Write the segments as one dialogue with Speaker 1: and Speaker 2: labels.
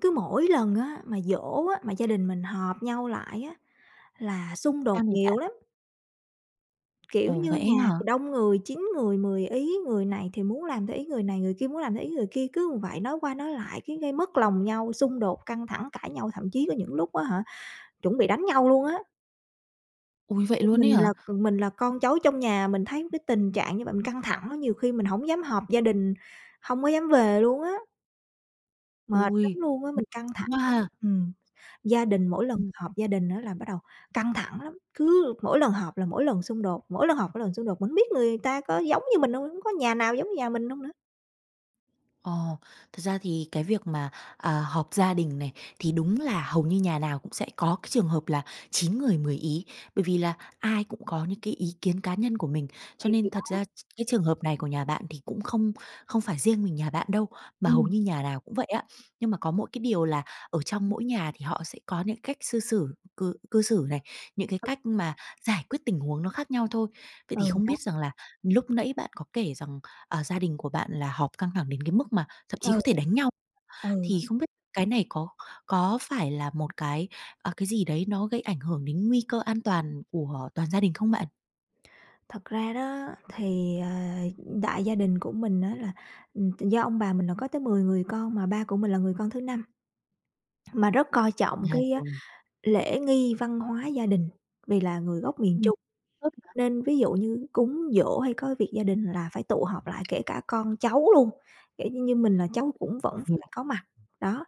Speaker 1: Cứ mỗi lần á, mà giỗ á, mà gia đình mình họp nhau lại á, là xung đột
Speaker 2: Sao nè bạn?
Speaker 1: nhiều lắm. Kiểu
Speaker 2: Ồ,
Speaker 1: như
Speaker 2: vậy ấy
Speaker 1: nhà
Speaker 2: hả?
Speaker 1: thì đông người, chín người mười ý, người này thì muốn làm theo ý người này, người kia muốn làm theo ý người kia, cứ vậy nói qua nói lại, cái gây mất lòng nhau, xung đột căng thẳng cãi nhau, thậm chí có những lúc á hả chuẩn bị đánh nhau luôn á.
Speaker 2: Ôi, vậy
Speaker 1: Ch
Speaker 2: luôn ấy
Speaker 1: mình là,
Speaker 2: hả?
Speaker 1: ừm, mình là con cháu trong nhà, mình thấy cái tình trạng như vậy, mình căng thẳng á, nhiều khi mình hổng dám họp gia đình, hông có dám về luôn á. Mệt lắm
Speaker 2: Ôi!
Speaker 1: luôn á, mình căng thẳng.
Speaker 2: [unintelligible] quá ha.
Speaker 1: Ừm. Gia đình mỗi lần
Speaker 2: Ừm.
Speaker 1: họp gia đình á là bắt đầu căng thẳng lắm, cứ mỗi lần họp là mỗi lần xung đột, mỗi lần họp mỗi lần xung đột. Mình hổng biết người ta có giống như mình hông nữa? Có nhà nào giống như nhà mình hông nữa?
Speaker 2: Ồ! Thật ra thì cái việc mà, à, họp gia đình này thì đúng là hầu như nhà nào cũng sẽ có cái trường hợp là chín người mười ý, bởi vì là ai cũng có những cái ý kiến cá nhân của mình. Cho
Speaker 1: Thì
Speaker 2: nên
Speaker 1: thì
Speaker 2: thật
Speaker 1: đó.
Speaker 2: ra ch cái trường hợp này của nhà bạn thì cũng không không phải riêng mình nhà bạn đâu, mà hầu
Speaker 1: Ừm.
Speaker 2: như nhà nào cũng vậy á, nhưng mà có mỗi cái điều là ở trong mỗi nhà thì họ sẽ có những cách xư xử cư cư xử này, những cái
Speaker 1: Ừ.
Speaker 2: cách mà giải quyết tình huống nó khác nhau thôi. Vậy thì
Speaker 1: Ừ,
Speaker 2: không
Speaker 1: đó.
Speaker 2: biết rằng là lúc nãy bạn có kể rằng, à, gia đình của bạn là họp căng thẳng đến cái mức mà thậm chí có
Speaker 1: Ừ.
Speaker 2: thể đánh nhau,
Speaker 1: Ừ.
Speaker 2: thì không biết cái này có có phải là một cái, ờ, cái gì đấy nó gây ảnh hưởng đến nguy cơ an toàn của toàn gia đình không bạn?
Speaker 1: Thật ra đó, thì, ờ, ừm, đại gia đình của mình á là, ừm, do ông bà mình là có tới 10 người con, mà ba của mình là người con thứ 5, mà rất coi trọng
Speaker 2: À,
Speaker 1: cái, a,
Speaker 2: rồi.
Speaker 1: lễ nghi văn hóa gia đình, vì là người gốc miền
Speaker 2: Ừm,
Speaker 1: Trung.
Speaker 2: tốt mà.
Speaker 1: Nên ví dụ như cúng giỗ hay có việc gia đình, là phải tụ họp lại, kể cả con cháu luôn, kiểu như như, mình là cháu cũng vẫn
Speaker 2: Thì à
Speaker 1: phải có mặt. Đó,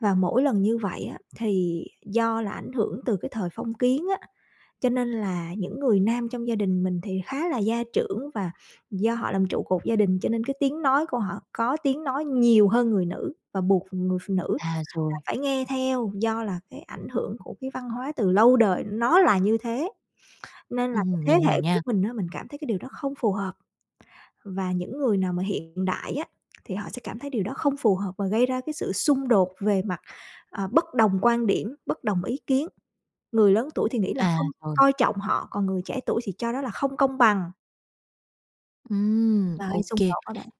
Speaker 1: và mỗi lần như vậy á, thì do là ảnh hưởng từ cái thời phong kiến á, cho nên là những người nam trong gia đình mình thì khá là gia trưởng và do họ làm trụ cột gia đình, cho nên cái tiếng nói của họ có tiếng nói nhiều hơn người nữ và buộc người phụ nữ
Speaker 2: À,
Speaker 1: là
Speaker 2: rồi.
Speaker 1: phải nghe theo, do là cái ảnh hưởng của cái văn hóa từ lâu đời nó là như thế. Nên
Speaker 2: Ừm
Speaker 1: là cái
Speaker 2: hừm, mình
Speaker 1: thế
Speaker 2: hiểu
Speaker 1: hệ của
Speaker 2: nha.
Speaker 1: mình á, mình cảm thấy cái điều đó không phù hợp và những người nào mà hiện đại á, thì họ sẽ cảm thấy điều đó không phù hợp và gây ra cái sự xung đột về mặt, à, bất đồng quan điểm, bất đồng ý kiến. Người lớn tuổi thì nghĩ là
Speaker 2: À,
Speaker 1: không
Speaker 2: rồi.
Speaker 1: coi trọng họ, còn người trẻ tuổi thì cho đó là không công bằng.
Speaker 2: Ừm,
Speaker 1: Và hơi
Speaker 2: ô
Speaker 1: xung
Speaker 2: kê.
Speaker 1: khẩu hả bạn?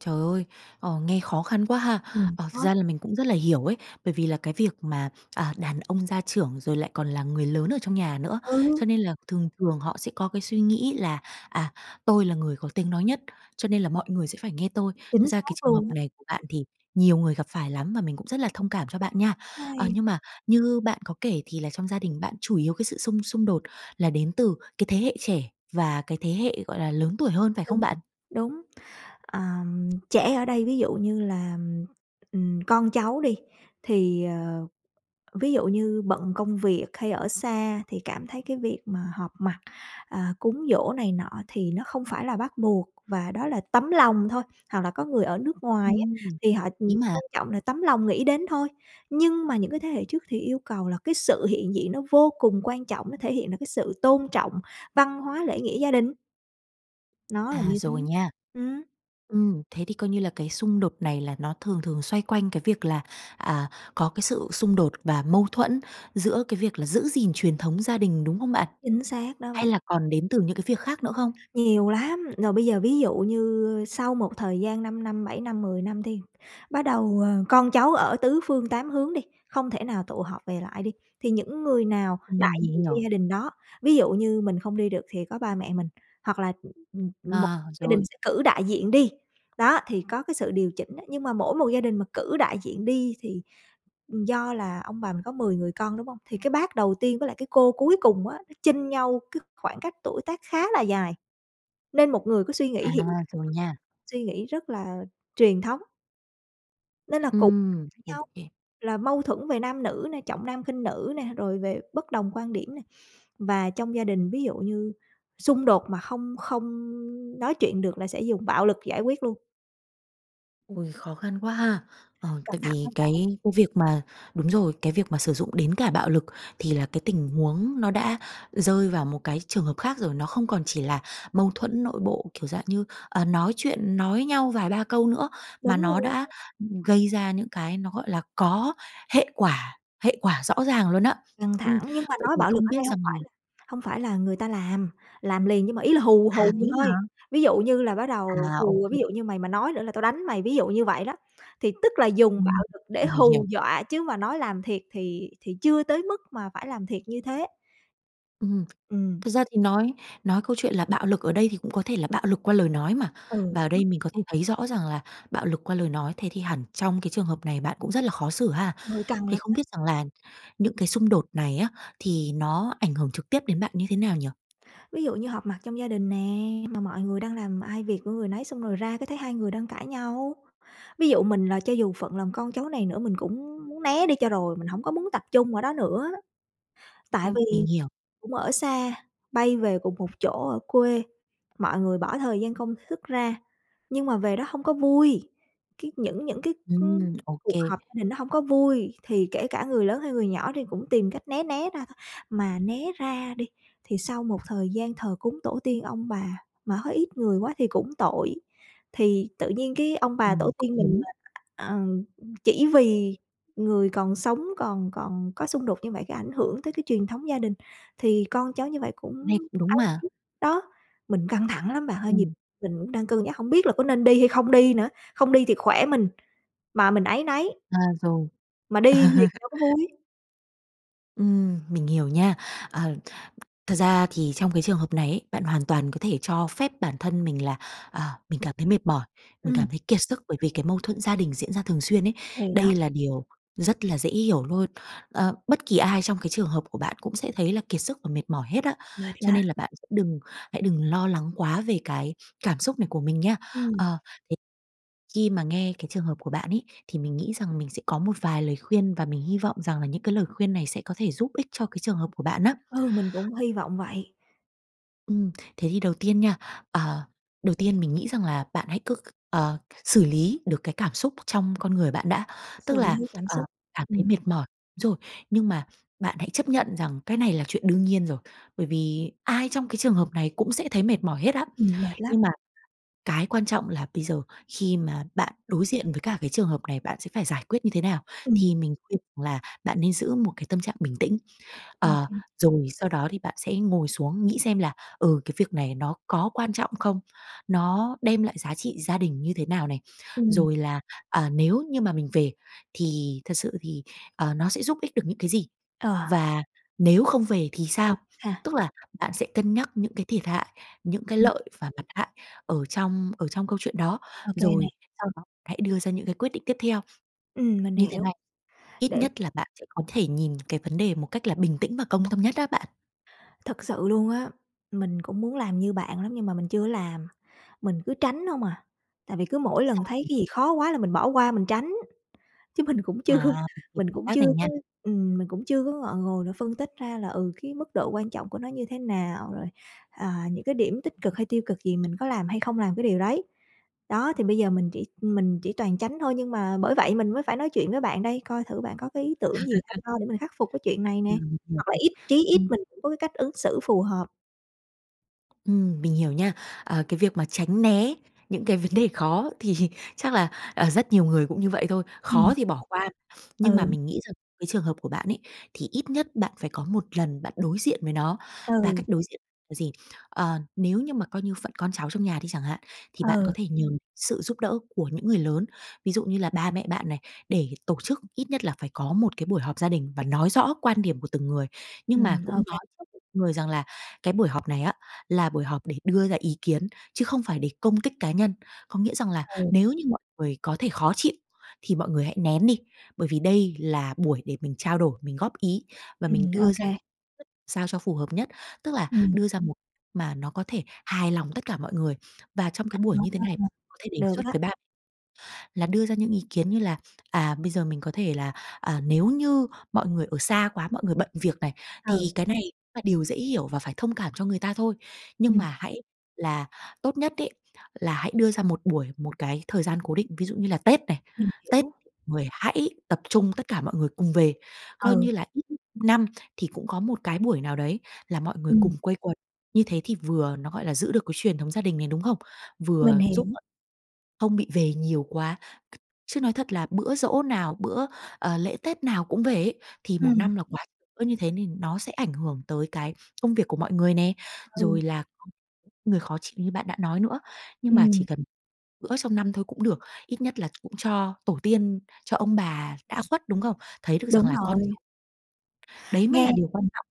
Speaker 2: Trời ơi, ờ, nghe khó khăn quá ha.
Speaker 1: Ừm,
Speaker 2: Ờ, thật
Speaker 1: khó.
Speaker 2: ra là mình cũng rất là hiểu ấy, bởi vì là cái việc mà, à, đàn ông gia trưởng, rồi lại còn là người lớn ở trong nhà nữa. Cho
Speaker 1: Ừ!
Speaker 2: nên là thường thường họ sẽ có cái suy nghĩ là, à, tôi là người có tiếng nói nhất, cho nên là mọi người sẽ phải nghe tôi. Thật
Speaker 1: Chính
Speaker 2: ra cái
Speaker 1: xác
Speaker 2: trường hợp
Speaker 1: luôn á.
Speaker 2: này của bạn thì nhiều người gặp phải lắm mà mình cũng rất là thông cảm cho bạn nha. Ờ,
Speaker 1: Hay.
Speaker 2: nhưng mà như bạn có kể thì là trong gia đình bạn chủ yếu cái sự xung xung đột là đến từ cái thế hệ trẻ và cái thế hệ, gọi là, lớn tuổi hơn phải không
Speaker 1: Tính
Speaker 2: bạn?
Speaker 1: đúng. Ờm, trẻ ở đây ví dụ như là, ừm, con cháu đi, thì, ờ, ví dụ như bận công việc, hay ở xa thì cảm thấy cái việc mà họp mặt, à, cúng giỗ này nọ thì nó không phải là bắt buộc và đó là tấm lòng thôi, hoặc là có người ở nước ngoài á
Speaker 2: Ừm.
Speaker 1: thì họ, ừm,
Speaker 2: Đấy mà
Speaker 1: quan trọng là tấm lòng nghĩ đến thôi. Nhưng mà những cái thế hệ trước thì yêu cầu là cái sự hiện diện nó vô cùng quan trọng, nó thể hiện được cái sự tôn trọng văn hóa, lễ nghĩa gia đình. Nó là
Speaker 2: À,
Speaker 1: như thế.
Speaker 2: rồi nha.
Speaker 1: Ừm.
Speaker 2: Ừm, thế thì coi như là cái xung đột này là nó thường thường xoay quanh cái việc là, à, có cái sự xung đột và mâu thuẫn giữa cái việc là giữ gìn truyền thống gia đình, đúng không bạn?
Speaker 1: Chính xác đó
Speaker 2: Hay
Speaker 1: bạn.
Speaker 2: là còn đến từ những cái việc khác nữa không?
Speaker 1: Nhiều lắm! Rồi bây giờ ví dụ như sau một thời gian 5 năm, 7 năm, 10 năm đi, bắt đầu, ờ, con cháu ở tứ phương tám hướng đi, không thể nào tụ họp về lại đi, thì những người nào đại
Speaker 2: Ừm, mình
Speaker 1: diện cho
Speaker 2: hiểu.
Speaker 1: gia đình đó. Ví dụ như mình không đi được thì có ba mẹ mình, hoặc là, ừm, mỗi
Speaker 2: À,
Speaker 1: gia đình
Speaker 2: rồi.
Speaker 1: sẽ cử đại diện đi, đó, thì có cái sự điều chỉnh á, nhưng mà mỗi một gia đình mà cử đại diện đi thì ừm, do là ông bà mình có 10 người con, đúng hông? Thì cái bác đầu tiên với lại cái cô cuối cùng á, nó chênh nhau cái khoảng cách tuổi tác khá là dài, nên một người có suy nghĩ
Speaker 2: À,
Speaker 1: hiện đại
Speaker 2: rồi nha.
Speaker 1: suy nghĩ rất là truyền thống. Nên là cục
Speaker 2: Ừm, ô
Speaker 1: nhau,
Speaker 2: kê.
Speaker 1: là mâu thuẫn về nam nữ nè, trọng nam khinh nữ nè, rồi về bất đồng quan điểm nè. Và trong gia đình ví dụ như xung đột mà không không nói chuyện được là sẽ dùng bạo lực giải quyết luôn.
Speaker 2: Ôi! Khó khăn quá ha. Ờ,
Speaker 1: Căng
Speaker 2: tại
Speaker 1: thẳng
Speaker 2: vì
Speaker 1: lắm
Speaker 2: cái
Speaker 1: bạn.
Speaker 2: cái việc mà đúng rồi, cái việc mà sử dụng đến cả bạo lực thì là cái tình huống nó đã rơi vào một cái trường hợp khác rồi, nó không còn chỉ là mâu thuẫn nội bộ kiểu dạng như, à, nói chuyện nói nhau vài ba câu nữa, mà
Speaker 1: Đúng rồi
Speaker 2: nó đã,
Speaker 1: đó.
Speaker 2: ừm, gây ra những cái nó, gọi là, có hệ quả hệ quả rõ ràng luôn á.
Speaker 1: Căng
Speaker 2: Ừm,
Speaker 1: thẳng, nhưng mà
Speaker 2: vậy
Speaker 1: nói
Speaker 2: thì
Speaker 1: bạo lực
Speaker 2: không
Speaker 1: ở
Speaker 2: biết
Speaker 1: đây hông
Speaker 2: rằng là
Speaker 1: phải là hông phải là người ta làm, làm liền nhưng mà ý là hù,
Speaker 2: À,
Speaker 1: hù
Speaker 2: thế
Speaker 1: thôi.
Speaker 2: hả?
Speaker 1: Ví dụ như là bắt
Speaker 2: À,
Speaker 1: đầu
Speaker 2: ô
Speaker 1: hù, ví
Speaker 2: kê.
Speaker 1: dụ như: "Mày mà nói nữa là tao đánh mày", ví dụ như vậy đó. Thì tức là dùng
Speaker 2: Ừm,
Speaker 1: bạo lực để
Speaker 2: mình hiểu.
Speaker 1: hù dọa chứ mà nói làm thiệt thì thì chưa tới mức mà phải làm thiệt như thế.
Speaker 2: Ừm,
Speaker 1: Ừm.
Speaker 2: thật ra thì nói nói câu chuyện là bạo lực ở đây thì cũng có thể là bạo lực qua lời nói mà,
Speaker 1: Ừ,
Speaker 2: và ở
Speaker 1: đó.
Speaker 2: đây mình có thể thấy rõ rằng là bạo lực qua lời nói thế thì hẳn trong cái trường hợp này bạn cũng rất là khó xử ha?
Speaker 1: Ơi, căng
Speaker 2: Thì
Speaker 1: lắm
Speaker 2: không
Speaker 1: á.
Speaker 2: biết rằng là những cái xung đột này á, thì nó ảnh hưởng trực tiếp đến bạn như thế nào nhỉ?
Speaker 1: Ví dụ như họp mặt trong gia đình nè, mà mọi người đang làm ai việc của người nấy xong rồi ra cái thấy hai người đang cãi nhau. Ví dụ mình là cho dù phận làm con cháu này nữa, mình cũng muốn né đi cho rồi, mình hổng có muốn tập trung ở đó nữa. Tại
Speaker 2: Ừm,
Speaker 1: vì
Speaker 2: mình hiểu.
Speaker 1: cũng ở xa bay về cùng một chỗ ở quê, mọi người bỏ thời gian công sức ra, nhưng mà về đó hông có vui, cái những những cái, ưm,
Speaker 2: Ừm. Ô
Speaker 1: cuộc
Speaker 2: kê.
Speaker 1: họp gia đình nó hông có vui, thì kể cả người lớn hay người nhỏ thì cũng tìm cách né né ra thôi. Mà né ra đi, thì sau một thời gian thờ cúng tổ tiên ông bà mà thấy ít người quá thì cũng tội, thì tự nhiên cái ông bà tổ
Speaker 2: Ừm, cũng
Speaker 1: tiên mình
Speaker 2: đúng.
Speaker 1: mà ờm, chỉ vì người còn sống còn còn có xung đột như vậy, cái ảnh hưởng tới cái truyền thống gia đình, thì con cháu như vậy cũng
Speaker 2: Này cũng đúng mà.
Speaker 1: áy [unintelligible] Đó, mình căng thẳng lắm bạn ơi, nhiều
Speaker 2: Ừm.
Speaker 1: mình cũng đang cân nhắc hổng biết là có nên đi hay không đi nữa, không đi thì khỏe mình mà mình áy náy.
Speaker 2: À, rồi.
Speaker 1: Mà đi thì đâu có vui.
Speaker 2: Ừm, mình hiểu nha. Ờ, thật ra thì trong cái trường hợp này ấy, bạn hoàn toàn có thể cho phép bản thân mình là, ờ, mình cảm thấy mệt mỏi, mình
Speaker 1: Ừm.
Speaker 2: cảm thấy kiệt sức, bởi vì cái mâu thuẫn gia đình diễn ra thường xuyên ấy,
Speaker 1: Thì đó.
Speaker 2: đây là điều rất là dễ hiểu lôi. Ờ, bất kỳ ai trong cái trường hợp của bạn cũng sẽ thấy là kiệt sức và mệt mỏi hết á,
Speaker 1: Mệt
Speaker 2: cho
Speaker 1: lắm.
Speaker 2: nên là bạn đừng hãy đừng lo lắng quá về cái cảm xúc này của mình nha.
Speaker 1: Ừm.
Speaker 2: Ờ, thế khi mà nghe cái trường hợp của bạn ấy, thì mình nghĩ rằng mình sẽ có một vài lời khuyên và mình hy vọng rằng là những cái lời khuyên này sẽ có thể giúp ích cho cái trường hợp của bạn á.
Speaker 1: Ừ, mình cũng hy vọng vậy.
Speaker 2: Ừm, thế thì đầu tiên nha, ờ, đầu tiên mình nghĩ rằng là bạn hãy cứ c ờ, xử lý được cái cảm xúc trong con người bạn đã. Tức
Speaker 1: Xử
Speaker 2: là,
Speaker 1: lý cảm
Speaker 2: ờ,
Speaker 1: xúc.
Speaker 2: cảm thấy
Speaker 1: Ừm.
Speaker 2: mệt mỏi rồi, nhưng mà bạn hãy chấp nhận rằng cái này là chuyện đương nhiên rồi, bởi vì ai trong cái trường hợp này cũng sẽ thấy mệt mỏi hết á.
Speaker 1: Ừm, mệt lắm.
Speaker 2: Nhưng mà cái quan trọng là bây giờ khi mà bạn đối diện với cả cái trường hợp này, bạn sẽ phải giải quyết như thế nào?
Speaker 1: Ừm.
Speaker 2: Thì mình khuyên rằng là bạn nên giữ một cái tâm trạng bình tĩnh, ờ,
Speaker 1: OK.
Speaker 2: rồi sau đó thì bạn sẽ ngồi xuống nghĩ xem là, ừ, cái việc này nó có quan trọng không? Nó đem lại giá trị gia đình như thế nào này,
Speaker 1: Ừm.
Speaker 2: rồi là, ờ, nếu như mà mình về thì thật sự thì, ờ, nó sẽ giúp ích được những cái gì?
Speaker 1: Ờ.
Speaker 2: Và nếu không về thì
Speaker 1: Ừ
Speaker 2: sao?
Speaker 1: ha.
Speaker 2: Tức là bạn sẽ cân nhắc những cái thiệt hại, những cái
Speaker 1: Ừm.
Speaker 2: lợi và mặt hại ở trong ở trong câu chuyện đó,
Speaker 1: OK nè.
Speaker 2: rồi sau đó hãy đưa ra những cái quyết định tiếp theo.
Speaker 1: Ừm, mình
Speaker 2: Như thế
Speaker 1: hiểu.
Speaker 2: này ít
Speaker 1: Để
Speaker 2: nhất là bạn sẽ có thể nhìn cái vấn đề một cách là bình tĩnh và công tâm nhất á bạn.
Speaker 1: Thực sự luôn á, mình cũng muốn làm như bạn lắm nhưng mà mình chưa làm, mình cứ tránh hông à. Tại vì cứ mỗi
Speaker 2: Sao
Speaker 1: lần thấy
Speaker 2: nhỉ?
Speaker 1: cái gì khó quá là mình bỏ qua, mình tránh, chứ mình cũng chưa
Speaker 2: À, mình hiểu
Speaker 1: mình
Speaker 2: cảm
Speaker 1: cũng
Speaker 2: giác
Speaker 1: chưa
Speaker 2: này nha.
Speaker 1: có ừm, mình cũng chưa có ngọ ngồi mà phân tích ra là, ừ, cái mức độ quan trọng của nó như thế nào, rồi, à, những cái điểm tích cực hay tiêu cực gì mình có làm hay không làm cái điều đấy. Đó, thì bây giờ mình chỉ mình chỉ toàn tránh thôi, nhưng mà bởi vậy mình mới phải nói chuyện với bạn đây coi thử bạn có cái ý tưởng gì hay ho để mình khắc phục cái chuyện này nè,
Speaker 2: Ừm, mình hiểu
Speaker 1: hoặc là
Speaker 2: rồi.
Speaker 1: ít chí ít
Speaker 2: Ừm.
Speaker 1: mình cũng có cái cách ứng xử phù hợp.
Speaker 2: Ừm, mình hiểu nha. Ờ, cái việc mà tránh né những cái vấn đề khó thì chắc là, ờ, rất nhiều người cũng như vậy thôi, khó
Speaker 1: Ừm.
Speaker 2: thì bỏ qua. Nhưng mà
Speaker 1: Ừ.
Speaker 2: mình nghĩ rằng cái trường hợp của bạn ấy, thì ít nhất bạn phải có 1 lần bạn đối diện với nó, và
Speaker 1: Ừ.
Speaker 2: cách đối diện là gì? Ờ, nếu như mà coi như phận con cháu trong nhà đi chẳng hạn, thì bạn có
Speaker 1: Ừ.
Speaker 2: thể nhờ sự giúp đỡ của những người lớn, ví dụ như là ba mẹ bạn này, để tổ chức ít nhất là phải có một cái buổi họp gia đình và nói rõ quan điểm của từng người. Nhưng mà
Speaker 1: Ừm,
Speaker 2: cũng
Speaker 1: ô kê.
Speaker 2: nói trước với mọi người rằng là, cái buổi họp này á là buổi họp để đưa ra ý kiến, chứ không phải để công kích cá nhân. Có nghĩa rằng là
Speaker 1: Ừ.
Speaker 2: nếu như mọi người có thể khó chịu, thì mọi người hãy nén đi, bởi vì đây là buổi để mình trao đổi, mình góp ý và mình
Speaker 1: Ừm, ô
Speaker 2: đưa ra cách
Speaker 1: kê.
Speaker 2: thức sao cho phù hợp nhất. Tức là
Speaker 1: Ừm.
Speaker 2: đưa ra một mà nó có thể hài lòng tất cả mọi người. Và trong
Speaker 1: À, a,
Speaker 2: cái buổi
Speaker 1: à!
Speaker 2: như thế này có thể đề
Speaker 1: Được
Speaker 2: xuất
Speaker 1: á.
Speaker 2: với bạn là đưa ra những ý kiến như là, à, bây giờ mình có thể là, à, nếu như mọi người ở xa quá, mọi người bận việc này, thì
Speaker 1: Ừ.
Speaker 2: cái này cũng là điều dễ hiểu và phải thông cảm cho người ta thôi. Nhưng
Speaker 1: Ừm.
Speaker 2: mà hãy là tốt nhất ấy, là hãy đưa ra một buổi, một cái thời gian cố định, ví dụ như là Tết này,
Speaker 1: Mình
Speaker 2: Tết
Speaker 1: hiểu.
Speaker 2: người hãy tập trung tất cả mọi người cùng về. Coi như
Speaker 1: Ừ.
Speaker 2: là ít nhất năm thì cũng có một cái buổi nào đấy là mọi người
Speaker 1: Ừm.
Speaker 2: cùng quây quần. Như thế thì vừa nó, gọi là, giữ được cái truyền thống gia đình này, đúng không?
Speaker 1: Mình
Speaker 2: Vừa
Speaker 1: hiểu.
Speaker 2: giúp không bị về nhiều quá. C chứ nói thật là bữa giỗ nào, bữa, ờ, lễ Tết nào cũng về ý, thì 1
Speaker 1: Ừm.
Speaker 2: năm là quá, cứ như thế nên nó sẽ ảnh hưởng tới cái công việc của mọi người nè,
Speaker 1: Ừ.
Speaker 2: rồi là người khó chịu như bạn đã nói nữa, nhưng mà chỉ
Speaker 1: Ừm.
Speaker 2: cần bữa trong năm thôi cũng được, ít nhất là cũng cho tổ tiên, cho ông bà đã khuất, đúng không? Thấy được rằng
Speaker 1: Đúng
Speaker 2: là con ch
Speaker 1: rồi.
Speaker 2: đấy mới
Speaker 1: Nghe
Speaker 2: là điều quan
Speaker 1: ừm.
Speaker 2: trọng.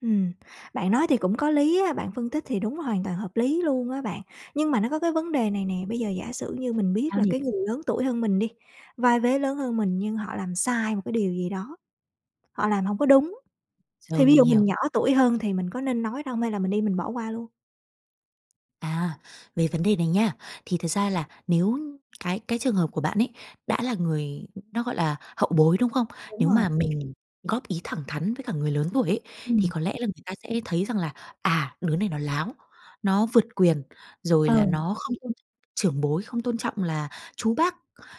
Speaker 1: Ừm, bạn nói thì cũng có lý á, bạn phân tích thì đúng, hoàn toàn hợp lý luôn á bạn. Nhưng mà nó có cái vấn đề này nè, bây giờ giả sử như mình biết
Speaker 2: Sao
Speaker 1: là
Speaker 2: nhỉ?
Speaker 1: cái người lớn tuổi hơn mình đi, vai vế lớn hơn mình, nhưng họ làm sai một cái điều gì đó, họ làm hông có đúng, thì
Speaker 2: Rồi,
Speaker 1: ví
Speaker 2: mình
Speaker 1: dụ
Speaker 2: hiểu.
Speaker 1: mình nhỏ tuổi hơn thì mình có nên nói không hay là mình im mình bỏ qua luôn?
Speaker 2: À, về vấn đề này nha, thì thật ra là nếu cái cái trường hợp của bạn ấy, đã là người nó, gọi là, hậu bối, đúng không?
Speaker 1: Đúng
Speaker 2: Nếu
Speaker 1: rồi.
Speaker 2: mà mình góp ý thẳng thắn với cả người lớn tuổi ấy, thì
Speaker 1: Ừm.
Speaker 2: có lẽ là người ta sẽ thấy rằng là, à, đứa này nó láo, nó vượt quyền, rồi là
Speaker 1: Ừ.
Speaker 2: nó không tôn trọng trưởng bối, không tôn trọng là chú bác,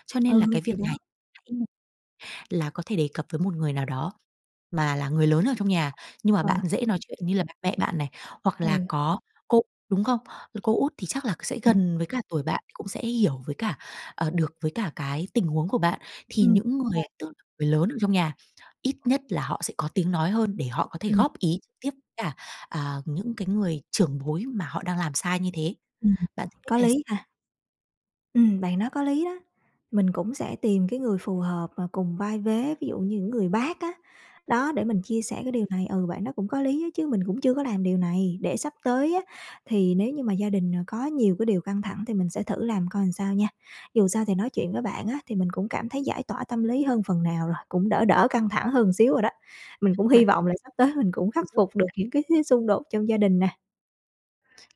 Speaker 2: cho nên là
Speaker 1: Ừ,
Speaker 2: cái việc
Speaker 1: thì
Speaker 2: này
Speaker 1: đó.
Speaker 2: hãy [unintelligible] là có thể đề cập với một người nào đó mà là người lớn ở trong nhà, nhưng mà bạn
Speaker 1: Ờ.
Speaker 2: dễ nói chuyện như là mẹ bạn này, hoặc là
Speaker 1: Ừ.
Speaker 2: có cô, đúng không? Là cô Út thì chắc là c sẽ
Speaker 1: Ừm.
Speaker 2: gần với cả tuổi bạn, cũng sẽ hiểu với cả, ờ, được với cả cái tình huống của bạn. Thì
Speaker 1: Ừm,
Speaker 2: những người
Speaker 1: kê.
Speaker 2: tức người lớn ở trong nhà, ít nhất là họ sẽ có tiếng nói hơn để họ có thể
Speaker 1: Ừm.
Speaker 2: góp ý trực tiếp cả, à, những cái người trưởng bối mà họ đang làm sai như thế.
Speaker 1: Ừm, ừm,
Speaker 2: Bạn thấy cách
Speaker 1: có
Speaker 2: này s
Speaker 1: lý ha. Ừm, bạn nói có lý đó. Mình cũng sẽ tìm cái người phù hợp và cùng vai vế, ví dụ như những người bác á, đó để mình chia sẻ cái điều này, ừ, bạn đó cũng có lý á chứ mình cũng chưa có làm điều này. Để sắp tới á thì nếu như mà gia đình, ờ, có nhiều cái điều căng thẳng thì mình sẽ thử làm coi làm sao nha. Dù sao thì nói chuyện với bạn á thì mình cũng cảm thấy giải tỏa tâm lý hơn phần nào rồi, cũng đỡ đỡ căng thẳng hơn xíu rồi đó. Mình cũng
Speaker 2: [unintelligible] vậy.
Speaker 1: hy vọng là sắp tới mình cũng khắc phục được
Speaker 2: [unintelligible]
Speaker 1: những cái cái xung đột trong gia đình nè.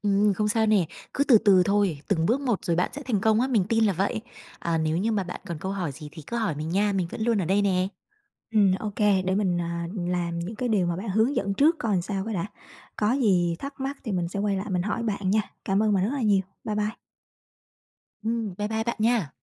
Speaker 2: Ừm, không sao nè. Cứ từ từ thôi, từng bước một rồi bạn sẽ thành công á, mình tin là vậy. À, nếu như mà bạn còn câu hỏi gì thì cứ hỏi mình nha, mình vẫn luôn ở đây nè.
Speaker 1: Ừm, ô kê để mình, à, làm những cái điều mà bạn hướng dẫn trước coi làm sao cái đã, có gì thắc mắc thì mình sẽ quay lại mình hỏi bạn nha. Cảm ơn bạn rất là nhiều. Bye bye.
Speaker 2: Ừm, bye bye bạn nha.